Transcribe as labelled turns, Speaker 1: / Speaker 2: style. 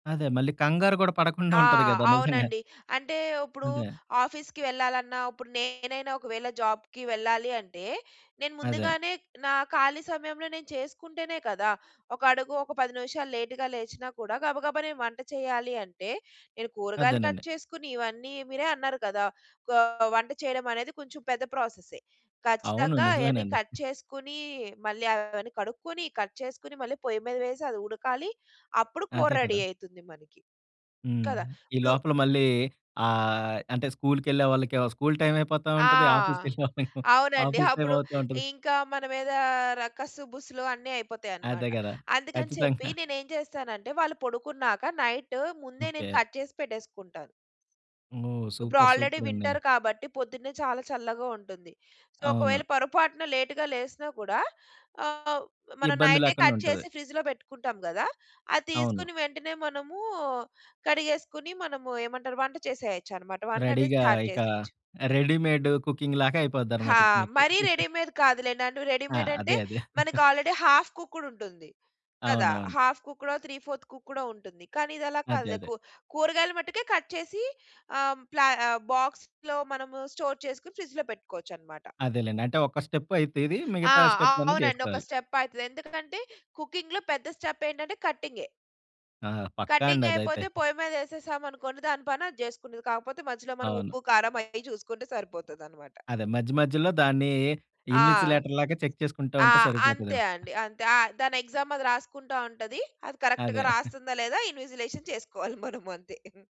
Speaker 1: అదే మళ్ళీ కంగారు గూడా పడకుండా
Speaker 2: ఆ!
Speaker 1: ఉంటది గదా నిజంగా.
Speaker 2: అవునండి. అంటే ఇప్పుడు
Speaker 1: అదే.
Speaker 2: ఆఫీస్‌కి వెళ్ళాలన్నా ఇప్పుడు నేనైనా ఒకవేళ జాబ్‌కి వెళ్ళాలి అంటే నేను
Speaker 1: అదే.
Speaker 2: ముందుగానే నా ఖాళీ సమయంలో నేను చేసుకుంటేనే కదా! ఒక అడుగు ఒక 10 నిమిషాలు లేట్‌గా లేచినా కూడా గబగబా నేను వంట చేయాలి అంటే నేను కూరగాయలు కట్
Speaker 1: అదేనండి.
Speaker 2: చేసుకొని ఇవన్నీ మీరే అన్నారు కదా! కా వంట చేయడమనేది కొంచెం పెద్ద ప్రాసెసె.
Speaker 1: అవును.
Speaker 2: ఖచ్చితంగా అయన్నీ
Speaker 1: నిజమేనండి.
Speaker 2: కట్ చేసుకొని మళ్ళీ అవన్నీ కడుక్కొని, కట్ చేసుకొని మళ్ళీ పొయ్యి మీద వేసి అది ఉడకాలి అప్పుడు కూర
Speaker 1: అదే
Speaker 2: రెడీ
Speaker 1: కదా!
Speaker 2: అయితుంది మనికి
Speaker 1: హ్మ్.
Speaker 2: కదా!
Speaker 1: ఈ
Speaker 2: ఇప్పుడు
Speaker 1: లోపల మళ్ళీ ఆహ్, అంటే స్కూల్‌కెళ్ళే వాళ్ళకేమో స్కూల్ టైమ్ అయిపోతా
Speaker 2: ఆ!
Speaker 1: ఉంటది. ఆఫీస్‌కెళ్ళేవాళ్ళ
Speaker 2: అవునండి.
Speaker 1: ఆఫీస్ టైమ్
Speaker 2: అప్పుడు
Speaker 1: అవుతా ఉంటది.
Speaker 2: ఇంకా మన మీదా ర కస్సు బుస్సులు అన్నీ
Speaker 1: అదే
Speaker 2: అయిపోతాయనమాట.
Speaker 1: గదా!
Speaker 2: అందుకని చెప్పి
Speaker 1: ఖచ్చితంగా.
Speaker 2: నేనేం చేస్తానంటే వాళ్ళు పడుకున్నాక నైట్ ముందే నేను
Speaker 1: ఓకే.
Speaker 2: కట్ జేసి పెట్టేసుకుంటాను.
Speaker 1: ఓహ్!
Speaker 2: ఇప్పుడు
Speaker 1: సూపర్!
Speaker 2: Already
Speaker 1: super! అండి!
Speaker 2: వింటర్ కాబట్టి పొద్దున్నే చాలా చల్లగా ఉంటుంది. సో
Speaker 1: అవును.
Speaker 2: ఒకవేళ పొరపాటున లేట్‌గా లేసినా కూడా ఆహ్, మనం
Speaker 1: ఇబ్బంది
Speaker 2: నైటే
Speaker 1: లేకుండా
Speaker 2: కట్
Speaker 1: ఉంటది.
Speaker 2: చేసి ఫ్రిడ్జ్‌లో పెట్టుకుంటాం గదా! అది
Speaker 1: అవును.
Speaker 2: తీసుకొని వెంటనే మనము కడిగేసుకొని మనము ఏమంటారు వంట చేసేయొచ్చనమాట వంటనేది
Speaker 1: రెడీగా
Speaker 2: స్టార్ట్
Speaker 1: ఇక
Speaker 2: జేసేయొచ్చు.
Speaker 1: రెడీమేడ్ కుకింగ్‌లాగా అయిపోద్దనమాట
Speaker 2: హా!
Speaker 1: ఇక మీకు.
Speaker 2: మరీ రెడీమేడ్ కాదులేండి.
Speaker 1: ఆ!
Speaker 2: రెడీమేడ్
Speaker 1: అదే.
Speaker 2: అంటే
Speaker 1: అదే.
Speaker 2: మనకు ఆల్రెడీ హాఫ్ కుక్కుడ్ ఉంటుంది. కదా!
Speaker 1: అవునవును.
Speaker 2: హాఫ్ కుక్కుడో, త్రీ ఫోర్త్ కుక్కుడో ఉంటుంది. కానీ ఇదలా
Speaker 1: అదే.
Speaker 2: కాదులే
Speaker 1: అదే.
Speaker 2: కు కూరగాయలు మట్టుకే కట్ చేసి ఆహ్, ప్ల బాక్స్‌లో మనము స్టోర్ చేసుకొని ఫ్రిడ్జ్‌‌లో పెట్టుకోవచ్చనమాట.
Speaker 1: అదేలేండి. అంటే ఒక స్టెప్ అయితది
Speaker 2: ఆ!
Speaker 1: మిగతా స్టెప్‌లన్నీ
Speaker 2: అవునండి. ఒక
Speaker 1: చేసుకోవాలి.
Speaker 2: స్టెప్ అయితది. ఎందుకంటే కుకింగ్‌లో పెద్ద స్టెప్ ఏంటంటే కటింగే.
Speaker 1: ఆ! పక్కా అండి
Speaker 2: కటింగ్
Speaker 1: అదైతే.
Speaker 2: అయిపోతే పొయ్యి మీదేసేసాం అనుకోండి దాని పని అది చేసుకునిద్ది. కాకపోతే మధ్యలో మనం
Speaker 1: అవును.
Speaker 2: ఉప్పు, కారం అవి చూసుకుంటే సరిపోతదనమాట.
Speaker 1: అదే మధ్య మధ్యలో దాన్ని
Speaker 2: ఆ!
Speaker 1: ఇన్విజిలేటర్‌ లాగా చెక్ చేసుకుంటా
Speaker 2: ఆ!
Speaker 1: ఉంటే
Speaker 2: అంతే
Speaker 1: సరిపోతదేమో!
Speaker 2: అండి. అంతే ఆ! దాని ఎగ్సామ్ అది రాసుకుంటా ఉంటది. అది కరెక్ట్‌గా
Speaker 1: అదే.
Speaker 2: రాస్తుందా లేదా ఇన్విజిలేషన్ చేసుకోవాలి మనము అంతే.